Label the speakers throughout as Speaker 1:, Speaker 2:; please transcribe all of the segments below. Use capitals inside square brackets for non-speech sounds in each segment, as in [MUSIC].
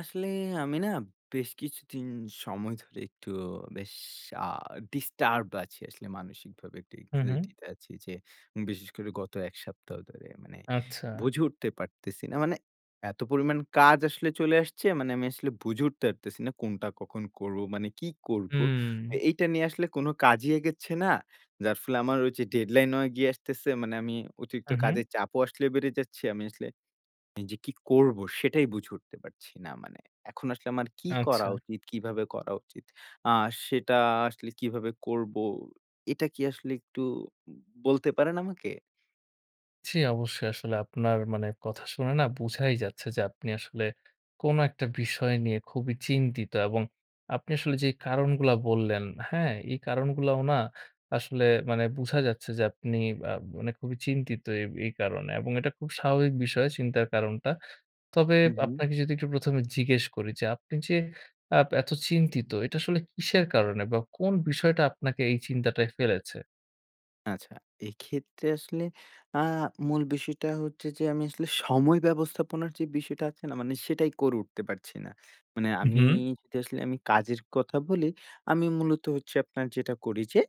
Speaker 1: আসলে আমি না বেশ কিছুদিন সময় ধরে একটু বেশ আ ডিস্টার্ব আছি আসলে মানসিকভাবে একটু
Speaker 2: হুম,
Speaker 1: anxiety
Speaker 2: হু।
Speaker 1: তে আছি যে বিশেষ করে গত ১ সপ্তাহ ধরে মানে
Speaker 2: আচ্ছা।
Speaker 1: বুঝে উঠতে পারতেছি না। মানে এত পরিমাণ কাজ আসলে চলে আসছে মানে আমি আসলে বুঝে উঠতে পারতেছি না কোনটা কখন করব? মানে কি করব?
Speaker 2: হুম।
Speaker 1: এ এইটা নিয়ে আসলে কোন কাজই এগচ্ছে না। যার ফলে আমার হচ্ছে ডেডলাইন হয়ে গিয়ে আসতেছে। মানে আমি অতিরিক্ত
Speaker 2: উহুম।
Speaker 1: কাজের চাপও আসলে বেড়ে যাচ্ছে। আমি আসলে যে কি করব সেটাই বুঝে উঠতে পারছি না মানে। এখন আসলে আমার কি করা
Speaker 2: আচ্ছা।
Speaker 1: উচিত? কিভাবে করা উচিত? আ সেটা আসলে কিভাবে করব? এটা কি আসলে একটু বলতে পারেন আমাকে?
Speaker 2: জি। অবশ্যই আসলে আপনার মানে কথা শুনে না বুঝাই যাচ্ছে যে আপনি আসলে কোন একটা বিষয় নিয়ে খুবই চিন্তিত এবং আপনি আসলে যে কারণগুলা বললেন, হ্যাঁ? এই কারণগুলাও না আসলে মানে বুঝা যাচ্ছে যে আপনি আ মানে খুবই চিন্তিত এই এই কারণে এবং এটা খুব স্বাভাবিক বিষয় চিন্তার কারণটা। তবে
Speaker 1: হু, হু।
Speaker 2: আপনাকে যদি একটু ১ম এ জিজ্ঞেস করি যে আপনি যে আ এত চিন্তিত এটা আসলে কিসের কারণে বা কোন বিষয়টা আপনাকে এই চিন্তাটায় ফেলেছে?
Speaker 1: আচ্ছা। এইক্ষেত্রে আসলে আ মূল বিষয়টা হচ্ছে যে, আমি আসলে সময় ব্যবস্থাপনার যে বিষয়টা আছে না? মানে সেটাই করে উঠতে পারছি না। মানে
Speaker 2: উ
Speaker 1: আমি
Speaker 2: হুম।
Speaker 1: তো আসলে আমি কাজের কথা বলি, আমি মূলত হচ্ছে আপনার যেটা করি যে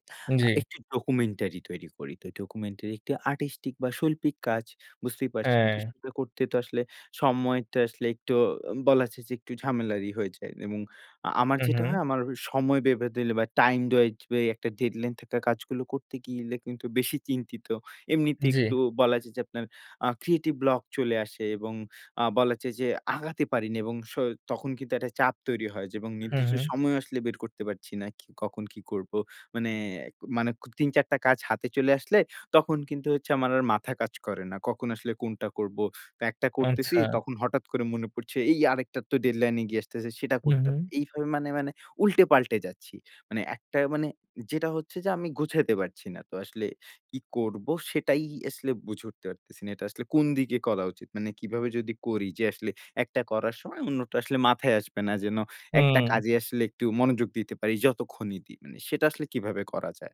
Speaker 1: আ
Speaker 2: জি।
Speaker 1: একটি ডকুমেন্টারি তৈরি করি। তো এই ডকুমেন্টারি একটি আর্টিস্টিক বা শৈল্পিক কাজ বুঝতেই পারছেন। তো
Speaker 2: হ্যাঁ।
Speaker 1: সেইটা করতে তো আসলে সময়টা আসলে একটু অ বলা যায় যে একটু ঝামেলারই হয়ে যায়। এবং আ আমার
Speaker 2: হু,
Speaker 1: যেটা
Speaker 2: হু।
Speaker 1: হয় আমার ওই সময় বেঁধে দিলে বা টাইম-ওয়াইজ বা ওই একটা ডেডলাইন থাকা কাজগুলো করতে গেলে কিন্তু বেশি চিন্তিত। এমনিতে
Speaker 2: জি।
Speaker 1: একটু বলা যায় যে আপনার আ ক্রিয়েটিভ ব্লক চলে আসে এবং আ বলা যায় যে আগাতে পারিনা এবং স তখন কিন্তু একটা চাপ তৈরি হয় যে এবং
Speaker 2: হুম,
Speaker 1: নির্দিষ্ট
Speaker 2: হুম।
Speaker 1: সময়ও আসলে বের করতে পারছি না। কি, কখন কি করব? মানে এক মানে খুব ৩, ৪ টা কাজ হাতে চলে আসলে তখন কিন্তু হচ্ছে আমার আর মাথা কাজ করে না। কখন আসলে কোনটা করব। তো একটা করতেছি
Speaker 2: আচ্ছা।
Speaker 1: তখন হঠাৎ করে মনে পড়ছে এই আরেকটার তো ডেডলাইন এগিয়ে আসতেছে সেটা
Speaker 2: হুম,
Speaker 1: করতা
Speaker 2: হুম।
Speaker 1: এইভাবে মানে, মানে, উল্টে-পাল্টে যাচ্ছি। মানে একটা মানে, যেটা হচ্ছে যে আমি গুছাইতে পারছি না। তো আসলে কি করব সেটাই আসলে বুঝে উঠতে পারতেছি না। এটা আসলে কোন দিকে করা উচিত? মানে কিভাবে যদি করি যে, আসলে একটা করার সময় অন্যটা আসলে মাথায় আসবে না। যেন একটা
Speaker 2: হুম।
Speaker 1: কাজে আসলে একটু মনোযোগ দিতে পারি যতক্ষণই দিই। মানে সেটা আসলে কিভাবে করা যায়?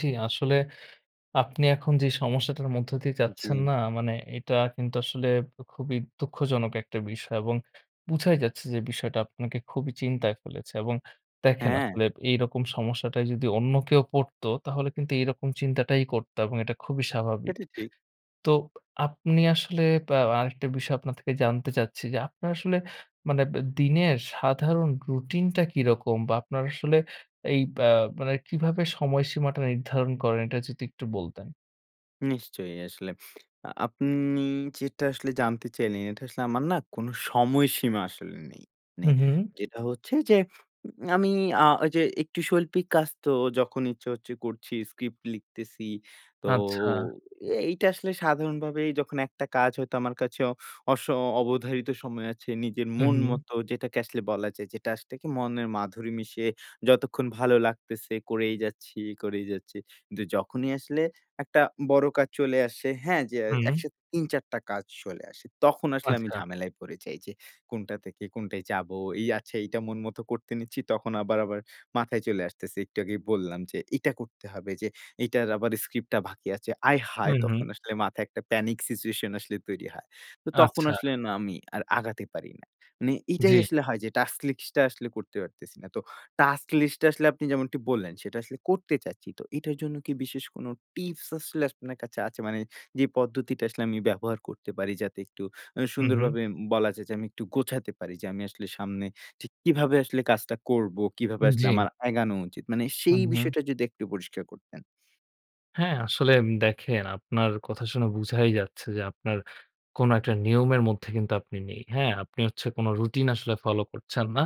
Speaker 2: জি, আসলে আপনি এখন যে সমস্যাটার মধ্য দিয়ে যাচ্ছেন
Speaker 1: জি।
Speaker 2: না, মানে এটা কিন্তু আসলে উ খুবই দুঃখজনক একটা বিষয়, এবং বুঝাই যাচ্ছে, যে বিষয়টা আপনাকে খুবই চিন্তায় ফেলেছে, এবং দেখেন
Speaker 1: হ্যাঁ।
Speaker 2: আসলে এইরকম সমস্যাটায় যদি অন্য কেউ পড়তো, তাহলে কিন্তু এইরকম চিন্তাটাই করত, এবং এটা খুবই স্বাভাবিক।
Speaker 1: এটি ঠিক।
Speaker 2: তো প আপনি আসলে বা আ আরেকটা বিষয় আপনার থেকে জানতে চাচ্ছি, যে আপনার আসলে মানে ব দিনের সাধারণ রুটিনটা কিরকম? বা আপনার আসলে এই বা মানে কিভাবে সময়সীমাটা নির্ধারণ করেন? এটা যদি একটু বলতেন?
Speaker 1: নিশ্চয়ই, আসলে। আ আপনি যেটা আসলে জানতে চাইলেন, এটা আসলে আমার না কোন সময়সীমা আসলে নেই। মানে
Speaker 2: হুম, হুম, হুম।
Speaker 1: যেটা হচ্ছে, যে আমি আ ঐযে একটু শৈল্পিক কাজ তো যখন ইচ্ছা হচ্ছে করছি, স্ক্রিপ্ট লিখতেছি। তো
Speaker 2: আচ্ছা।
Speaker 1: এ এইটা আসলে সাধারণভাবেই যখন একটা কাজ হয়তো আমার কাছে অস অবধারিত সময় আছে, নিজের
Speaker 2: হুম,
Speaker 1: মন
Speaker 2: হুম।
Speaker 1: মত যেটাকে আসলে বলা যায়, যে আসলে কি মনের মাধুরী মিশিয়ে যতক্ষণ ভালো লাগতেছে করেই যাচ্ছি, করেই যাচ্ছি। কিন্তু যখনই আসলে একটা বড় কাজ চলে আসে, হ্যাঁ? যে
Speaker 2: হুম।
Speaker 1: একসাথে ৩-৪ টা কাজ চলে আসে। তখন আসলে আমি
Speaker 2: আচ্ছা।
Speaker 1: ঝামেলায় পড়ে যাই, যে কোনটা থেকে, কোনটায় যাব। এই আচ্ছা এইটা মন মতো করতে নিচ্ছি, তখন আবার, আবার মাথায় চলে আসতেছে, একটু আগেই বললাম, যে এটা করতে হবে, যে এটার আবার স্ক্রিপ্ট টা বাকি আছে। আয়হায়!
Speaker 2: হুম, হুম।
Speaker 1: তখন আসলে মাথায় একটা প্যানিক সিচুয়েশন আসলে তৈরি হয়। তো তখন
Speaker 2: আচ্ছা।
Speaker 1: আসলে না আমি আর আগাতে পারি না। মানে এটাই
Speaker 2: জি।
Speaker 1: আসলে হয় যে টাস্ক লিস্ট টা আসলে করতে পারতেছি না। তো টাস্ক লিস্ট টা আসলে আপনি যেমনটি বললেন, সেটা আসলে করতে চাচ্ছি। তো এটার জন্য কি বিশেষ কোন টিপস আসলে আপনার কাছে আছে? মানে যে পদ্ধতিটা আসলে আমি ব্যবহার করতে পারি, যাতে একটু আ
Speaker 2: হুম, হুম।
Speaker 1: সুন্দরভাবে উম বলা যায় যে আমি একটু গোছাতে পারি যে আমি আসলে সামনে ঠিক কীভাবে আসলে কাজটা করবো, কিভাবে
Speaker 2: হুম,
Speaker 1: আসলে
Speaker 2: জি।
Speaker 1: আমার আগানো উচিত? মানে সেই
Speaker 2: হুম, হুম।
Speaker 1: বিষয়টা যদি একটু পরিষ্কার করতেন।
Speaker 2: হ্যাঁ, আসলে দেখেন আপনার কথা শুনে বুঝাই যাচ্ছে যে আপনার কোন একটা নিয়মের মধ্যে কিন্তু আপনি নেই। হ্যাঁ, আপনি হচ্ছে কোন রুটিন আসলে ফলো করছেন না।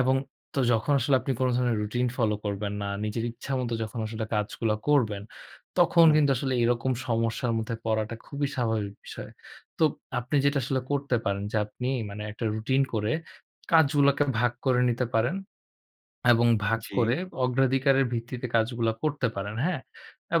Speaker 2: এবং তো যখন আসলে আপনি কোন ধরনের রুটিন ফলো করবেন না। নিজের ইচ্ছা মত যখন আসলে কাজগুলো করবেন। তখন
Speaker 1: হুম।
Speaker 2: কিন্তু আসলে এরকম সমস্যার মধ্যে পড়াটা খুবই স্বাভাবিক বিষয়। তো আপনি যেটা আসলে করতে পারেন যে আপনি মানে একটা রুটিন করে, কাজগুলোকে ভাগ করে নিতে পারেন [SWALLOWS] এবং ভাগ করে
Speaker 1: জি।
Speaker 2: অগ্রাধিকারের ভিত্তিতে কাজগুলা করতে পারেন। হ্যাঁ?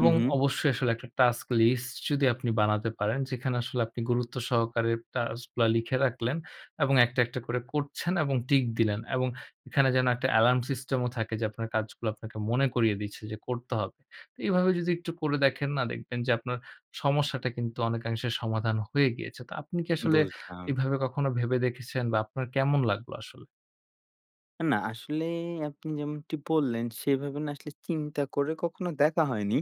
Speaker 1: হু, হু।
Speaker 2: অবশ্যই আসলে একটা টাস্ক লিস্ট যদি আপনি বানাতে পারেন। যেখানে আসলে আপনি গুরুত্ব সহকারে টাস্ক গুলা লিখে রাখলেন এবং একটা, একটা, করে করছেন এবং টিক দিলেন এবং এখানে যেন একটা এলার্ম সিস্টেম ও থাকে। যে আপনার কাজগুলো আপনাকে মনে করিয়ে দিচ্ছে যে করতে হবে। এভাবে যদি একটু করে দেখেন না দেখবেন যে আপনার সমস্যাটা কিন্তু অনেকাংশে সমাধান হয়ে গিয়েছে। তো আপনি কি আসলে
Speaker 1: বুঝলাম।
Speaker 2: এভাবে কখনো ভেবে দেখেছেন বা আপনার কেমন লাগলো আসলে?
Speaker 1: না, আসলে আপনি যেমনটি বললেন সেভাবে না আসলে চিন্তা করে কখনো দেখা হয়নি।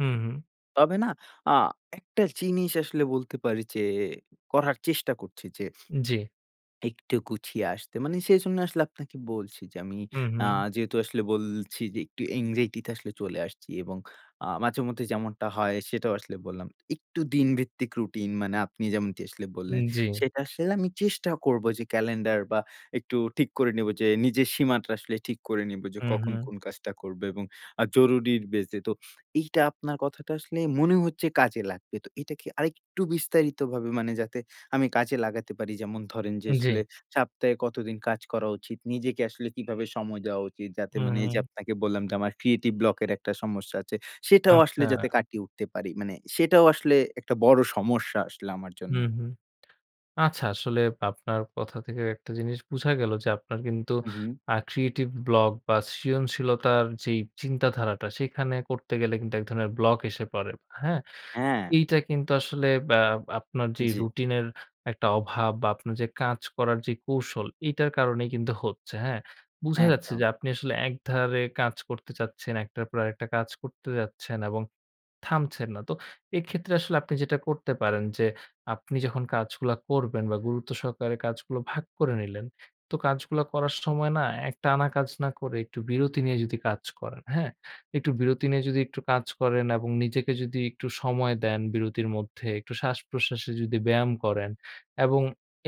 Speaker 2: হুম, হুম।
Speaker 1: তবে না, আ একটা জিনিস আসলে বলতে পারি যে, করার চেষ্টা করছি যে [SNIFFS]
Speaker 2: জি।
Speaker 1: একটু গুছিয়ে আসতে। মানে সেজন্য আসলে আপনাকে বলছি যে আমি
Speaker 2: হুম,
Speaker 1: আ
Speaker 2: হুম।
Speaker 1: যেহেতু আসলে বলছি যে একটু অ্যানজাইটি তে আসলে চলে আসছি এবং আ মাঝে মধ্যে যেমনটা হয় সেটাও আসলে বললাম। একটু দিন ভিত্তিক রুটিন মানে আপনি যেমনটি আসলে
Speaker 2: উম
Speaker 1: বললেন,
Speaker 2: জি।
Speaker 1: সেটা আসলে আমি চেষ্টা করব যে ক্যালেন্ডার বা একটু ঠিক করে নিব যে নিজের সীমাটা আসলে ঠিক করে নিব যে,
Speaker 2: হুম,
Speaker 1: কখন
Speaker 2: হু।
Speaker 1: কোন কাজটা করব এবং আ জরুরীর বেইস এ। তো এইটা আপনার কথাটা আসলে মনে হচ্ছে কাজে লাগবে। তো এইটাকে আরেকটু বিস্তারিতভাবে মানে যাতে আমি কাজে লাগাতে পারি যেমন ধরেন যে, আসলে
Speaker 2: জি।
Speaker 1: সপ্তাহে কতদিন কাজ করা উচিত? নিজেকে আসলে কিভাবে সময় দেওয়া উচিত? যাতে
Speaker 2: হুম,
Speaker 1: মানে এই যে
Speaker 2: হুম।
Speaker 1: আপনাকে বললাম যে আমার ক্রিয়েটিভ ব্লকের একটা সমস্যা আছে। সেটাও আসলে যাতে
Speaker 2: আচ্ছা।
Speaker 1: কাটিয়ে উঠতে পারি। মানে সেটাও আসলে একটা বড় সমস্যা আসলে আমার জন্যে।
Speaker 2: হুম, হুম। আচ্ছা আসলে আপনার কথা থেকে একটা জিনিস বুঝা গেল যে আপনার কিন্তু
Speaker 1: হু, হু।
Speaker 2: আ ক্রিয়েটিভ ব্লক বা সৃজনশীলতার যেই চিন্তাধারাটা সেখানে করতে গেলে কিন্তু এক ধরনের ব্লক এসে পড়ে। হ্যাঁ?
Speaker 1: হ্যাঁ।
Speaker 2: এইটা কিন্তু আসলে এ্যা আপনার যে
Speaker 1: জি।
Speaker 2: রুটিন এর একটা অভাব বা আপনার যে কাজ করার যে কৌশল এটার কারণেই কিন্তু হচ্ছে। হ্যাঁ? বুঝা যাচ্ছে
Speaker 1: একদম।
Speaker 2: যে আপনি আসলে একধারে কাজ করতে চাচ্ছেন, একটার পর আরেকটা কাজ করতে যাচ্ছেন এবং থামছেন না। তো এক্ষেত্রে আসলে আপনি যেটা করতে পারেন। যে আপনি যখন কাজগুলো করবেন বা গুরুত্ব সহকারে কাজগুলো ভাগ করে নিলেন তো কাজগুলো করার সময় না এক টানা কাজ না করে একটু বিরতি নিয়ে কাজ করেন, হ্যাঁ? একটু বিরতি নিয়ে যদি একটু কাজ করেন এবং নিজেকে যদি একটু সময় দেন। বিরতির মধ্যে একটু শ্বাস-প্রশ্বাসে যদি ব্যায়াম করেন এবং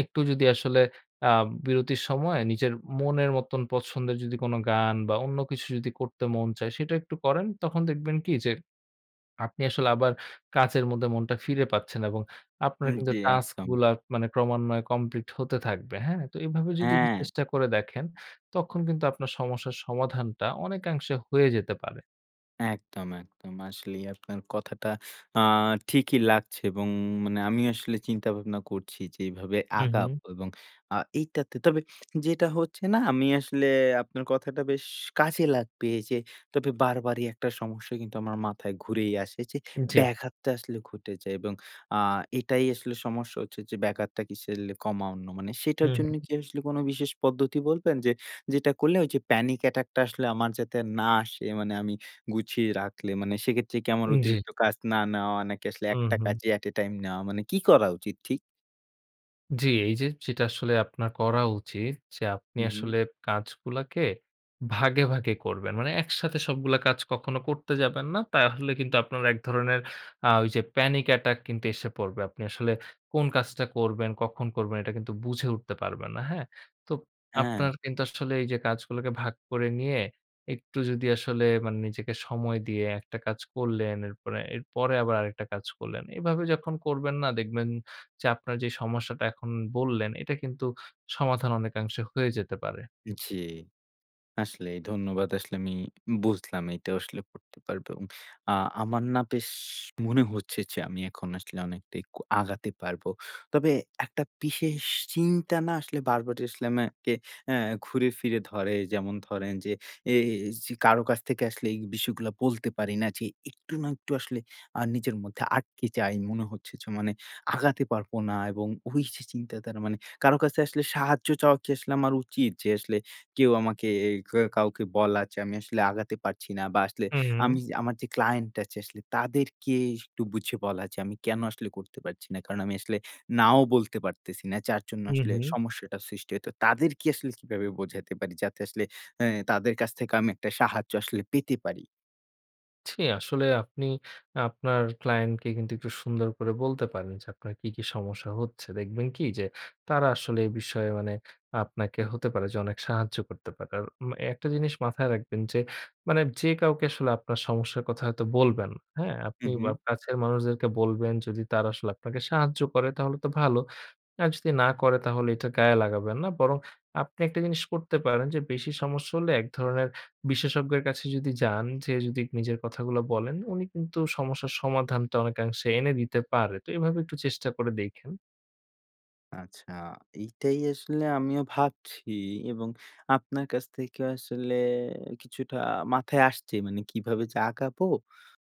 Speaker 2: একটু যদি আসলে আ বিরতির সময় নিজের মনের মতন পছন্দের যদি কোন গান বা অন্য কিছু যদি করতে মন চায় সেটা একটু করেন। তখন দেখবেন কি যে [SWALLOWS] আপনি আসলে আবার কাজের মধ্যে মনটা ফিরে পাচ্ছেন এবং আপনার
Speaker 1: হু,
Speaker 2: কিন্তু
Speaker 1: জি,
Speaker 2: টাস্ক
Speaker 1: একদম।
Speaker 2: গুলা মানে ক্রমান্বয়ে কমপ্লিট হতে থাকবে। হ্যাঁ? তো এভাবে যদি একটু
Speaker 1: হ্যাঁ।
Speaker 2: চেষ্টা করে দেখেন, তখন কিন্তু আপনার সমস্যার সমাধানটা অনেকাংশে হয়ে যেতে পারে।
Speaker 1: একদম, একদম। আসলেই আপনার কথাটা আ ঠিকই লাগছে এবং মানে আমি আসলে চিন্তা-ভাবনা করছি যে, এভাবে আগাব
Speaker 2: হুম।
Speaker 1: এবং আ এইটাতে, তবে যেটা হচ্ছে না আমি আসলে আপনার কথাটা বেশ কাজে লাগবে। যে, তবে বারবারই একটা সমস্যা কিন্তু আমার মাথায় ঘুরেই আসে, যে,
Speaker 2: জ্বী।
Speaker 1: ব্যাঘাতটা আসলে ঘটে যায়, এবং আ এটাই আসলে সমস্যা হচ্ছে যে ব্যাঘাতটা কিসের লে কমা অন্য, মানে সেটার
Speaker 2: হুম।
Speaker 1: জন্য কি আসলে কোনো বিশেষ পদ্ধতি বলবেন, যে, যেটা করলে যে, panic attack টা আসলে আমার যাতে না আসে? মানে, আমি গুছিয়ে রাখলে, মানে সেক্ষেত্রে কি আমার
Speaker 2: জ্বী।
Speaker 1: অতিরিক্ত কাজ না নেওয়া, নাকি আসলে
Speaker 2: হুম,
Speaker 1: একটা
Speaker 2: হুম।
Speaker 1: কাজেই at a time নেওয়া মানে, কি করা উচিত, ঠিক?
Speaker 2: জ্বি, এই যে যেটা আসলে আপনার করা উচিত, যে, আপনি
Speaker 1: হুম, হুম।
Speaker 2: আসলে কাজগুলোকে ভাগে, ভাগে করবেন। মানে, একসাথে সবগুলো কাজ কখনো করতে যাবেন না। তাহলে কিন্তু আপনার এক ধরনের আ ওই যে, panic attack কিন্তু এসে পড়বে। আপনি আসলে কোন কাজটা করবেন, কখন করবেন এটা কিন্তু বুঝে উঠতে পারবেন না। হ্যাঁ, তো
Speaker 1: হ্যাঁ।
Speaker 2: আপনার কিন্তু আসলে যে, এই কাজগুলোকে ভাগ করে নিয়ে, একটু যদি আসলে মানে নিজেকে সময় দিয়ে একটা কাজ করলেন, এরপরে, এরপরে আবার আরেকটা কাজ করলেন এভাবে যখন করবেন না, দেখবেন যে, আপনার যে, সমস্যাটার কথা এখন বললেন, এটা কিন্তু সমাধান অনেকাংশে হয়ে যেতে পারে।
Speaker 1: জ্বি, আসলেই ধন্যবাদ। আসলেই আমি বুঝলাম এটাও আসলে করতে পারব এবং আ আমার না, বেশ মনে হচ্ছে যে, আমি এখন আসলে অনেকটাই আগাতে পারব। তবে একটা বিশেষ চিন্তা না আসলে বারবার আসলে আমাকে অ্যা ঘুরে-ফিরে ধরে। যেমন ধরেন যে, এই যে, কারও কাছ থেকে আসলে এই বিষয়গুলো বলতে পারি না যে একটু না একটু আসলে আ নিজের মধ্যে আটকে যাই। মনে হচ্ছে যে, মানে, আগাতে পারব না। এবং ওই যে, চিন্তাটা তারমানে, কারও কাছে আসলে সাহায্য চাওয়া কি আসলে আমার উচিত? যে, আসলে কেউ আমাকে এ কাউকে বলা যে, আমি আসলে আগাতে পারছি না, বা আসলে
Speaker 2: হুম, হুম।
Speaker 1: আমি আমার যে, client আছে আসলে তাদেরকে একটু বুঝিয়ে বলা যে, আমি কেন আসলে এটা করতে পারছি না, কারণ আমি আসলে নাও বলতে পারতেছি না যার জন্য
Speaker 2: হুম, হুম।
Speaker 1: সমস্যাটা সৃষ্টি হচ্ছে। তাদেরকে আসলে কিভাবে বুঝাতে পারি, যাতে আসলে এ তাদের কাছ থেকে আমি একটা সাহায্য আসলে পেতে পারি?
Speaker 2: জি, আসলে আপনি আপনার ক্লায়েন্টকে কিন্তু একটু সুন্দর করে বলতে পারেন, যে আপনার কী, কী সমস্যা হচ্ছে। দেখবেন কি? যে তারা আসলে এই বিষয়ে মানে আপনাকে হতে পারে যে অনেক সাহায্য করতে পারে। আর উম একটা জিনিস মাথায় রাখবেন যে, মানে যে কাউকে আসলে আপনার সমস্যার কথা হয়তো বলবেন, হ্যাঁ? আপনি
Speaker 1: হুম, হুম।
Speaker 2: বা কাছের মানুষদেরকে বলবেন, যদি তারা আসলে আপনাকে সাহায্য করে, তাহলে তো ভালো। আর যদি না করে, তাহলে এইটা গায়ে লাগাবেন না বরং আপনি একটা জিনিস করতে পারেন, যে বেশি সমস্যা হলে এক ধরনের বিশেষজ্ঞের কাছে যদি যান, যেয়ে যদি নিজের কথাগুলো বলেন, উনি কিন্তু সমস্যার সমাধানটা অনেকাংশে এনে দিতে পারে। তো এইভাবে একটু চেষ্টা করে দেইখেন।
Speaker 1: আচ্ছা, এইটাই আসলে আমিও ভাবছি এবং আপনার কাছ থেকে আসলে কিছুটা মাথায় আসছে, মানে কিভাবে যে আগাবো?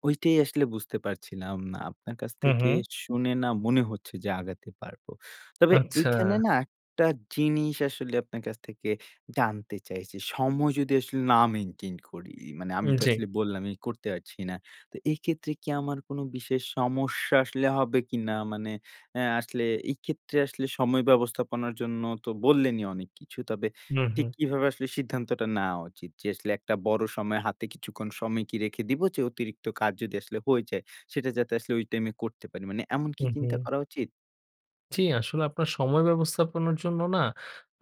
Speaker 1: ঐটাই আসলে বুঝতে পারছিলাম না। আপনার কাছ
Speaker 2: হুম,
Speaker 1: থেকে
Speaker 2: হুম।
Speaker 1: শুনে না, মনে হচ্ছে যে আগাতে পারবো। তবে এখানে
Speaker 2: আচ্ছা।
Speaker 1: না একটা জিনিস আসলে আপনার কাছ থেকে জানতে চাইছি। সময় যদি আসলে না মেইনটেইন করি। মানে
Speaker 2: উ
Speaker 1: আমি তো
Speaker 2: জ্বী।
Speaker 1: আসলে বললামই করতে পারছি না। তো এইক্ষেত্রে কি আমার কোনো বিশেষ সমস্যা আসলে হবে কিনা? মানে অ্যা আসলে এইক্ষেত্রে আসলে সময় ব্যবস্থাপনার জন্য তো বললেনই অনেক কিছু। তবে
Speaker 2: হুম,
Speaker 1: ঠিক
Speaker 2: হুম।
Speaker 1: কিভাবে আসলে সিদ্ধান্তটা নেওয়া উচিত? যে আসলে একটা বড় সময় হাতে কিছুক্ষণ সময় কি রেখে দিবো? যে অতিরিক্ত কাজ যদি আসলে হয়ে যায়, সেইটা যাতে আসলে ওই টাইমে করতে পারি। মানে এমন কি
Speaker 2: হুম,
Speaker 1: চিন্তা
Speaker 2: হুম।
Speaker 1: করা উচিত?
Speaker 2: জ্বি, আসলে আপনার সময় ব্যবস্থাপনার জন্য না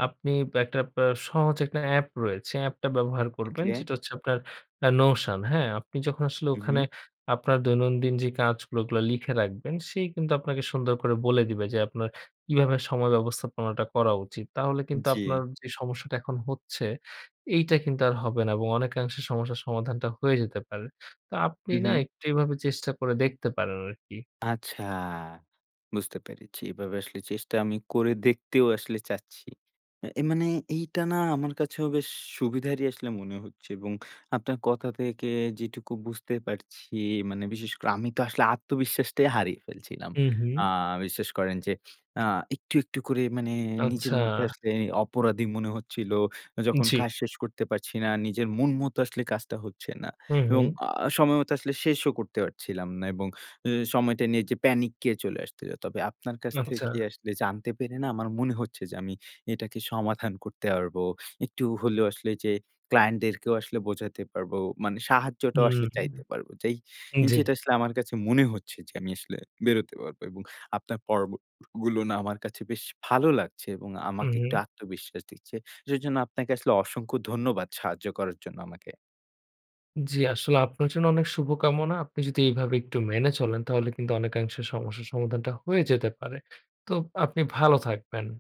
Speaker 2: আপনি একটা আ সহজ একটানা অ্যাপ রয়েছে। অ্যাপটা ব্যবহার করবেন।
Speaker 1: ওকে।
Speaker 2: যেটা হচ্ছে আপনার আ Notion হ্যাঁ? আপনি যখন আসলে
Speaker 1: হু,
Speaker 2: ওখানে
Speaker 1: হু।
Speaker 2: আপনার দৈনন্দিন যে কাজগুলো ওগুলো লিখে রাখবেন সে কিন্তু আপনাকে সুন্দর করে বলে দিবে যে আপনার কিভাবে সময় ব্যবস্থাপনাটা করা উচিত। তাহলে কিন্তু
Speaker 1: জ্বি।
Speaker 2: আপনার যে সমস্যাটা এখন হচ্ছে এইটা কিন্তু আর হবে না এবং অনেকাংশে সমস্যার সমাধানটা হয়ে যেতে পারে। তো আপনি
Speaker 1: হু,
Speaker 2: না
Speaker 1: হু।
Speaker 2: একটু এভাবে চেষ্টা করে দেখতে পারেন আরকি।
Speaker 1: আচ্ছা, বুঝতে পেরেছি। এভাবে আসলে চেষ্টা আমি করে দেখতেও আসলে চাচ্ছি। এ মানে এইটা না আমার কাছেও বেশ সুবিধারই আসলে মনে হচ্ছে। এবং আপনার কথা থেকে যেটুকু বুঝতে পারছি মানে বিশেষ করে আমি তো আসলে আত্মবিশ্বাসটাই হারিয়ে ফেলছিলাম।
Speaker 2: হুম,
Speaker 1: আ
Speaker 2: হুম।
Speaker 1: বিশ্বাস করেন যে আ একটু, একটু, করে মানে নিজের
Speaker 2: আচ্ছা।
Speaker 1: মধ্যে আসলে অপরাধী মনে হচ্ছিল। যখন
Speaker 2: জ্বি।
Speaker 1: কাজ শেষ করতে পারছি না, নিজের মন মতো আসলে কাজটা হচ্ছে না।
Speaker 2: হুম,
Speaker 1: এবং
Speaker 2: হুম।
Speaker 1: আ সময়মতো আসলে শেষও করতে পারছিলাম না এবং এ সময়টা নিয়ে যে প্যানিক এ চলে আসতো। তবে আপনার কাছ
Speaker 2: আচ্ছা।
Speaker 1: থেকে আসলে জানতে পেরে না আমার মনে হচ্ছে যে আমি এটাকে সমাধান করতে পারবো। একটু হলেও আসলে যে ক্লায়েন্টদেরকেও আসলে বোঝাতে পারবো, মানে সাহায্যটাও
Speaker 2: হুম,
Speaker 1: আসলে
Speaker 2: হুম।
Speaker 1: চাইতে পারবো, যেই
Speaker 2: উম জ্বী।
Speaker 1: যেটা আসলে আমার কাছে মনে হচ্ছে যে আমি আসলে বেরোতে পারবো এবং আপনার পর্বগুলো না আমার কাছে বেশ ভালো লাগছে এবং
Speaker 2: হুম,
Speaker 1: আমাকে একটু
Speaker 2: হুম।
Speaker 1: আত্মবিশ্বাস দিচ্ছে। যেইজন্য আপনাকে আসলে অসংখ্য ধন্যবাদ সাহায্য করার জন্য আমাকে।
Speaker 2: জ্বি, আসলে আপনার জন্য অনেক শুভকামনা। আপনি যদি এভাবে একটু মেনে চলেন তাহলে কিন্তু অনেকাংশে সমস্যার সমাধানটা হয়ে যেতে পারে। তো আপনি ভালো থাকবেন।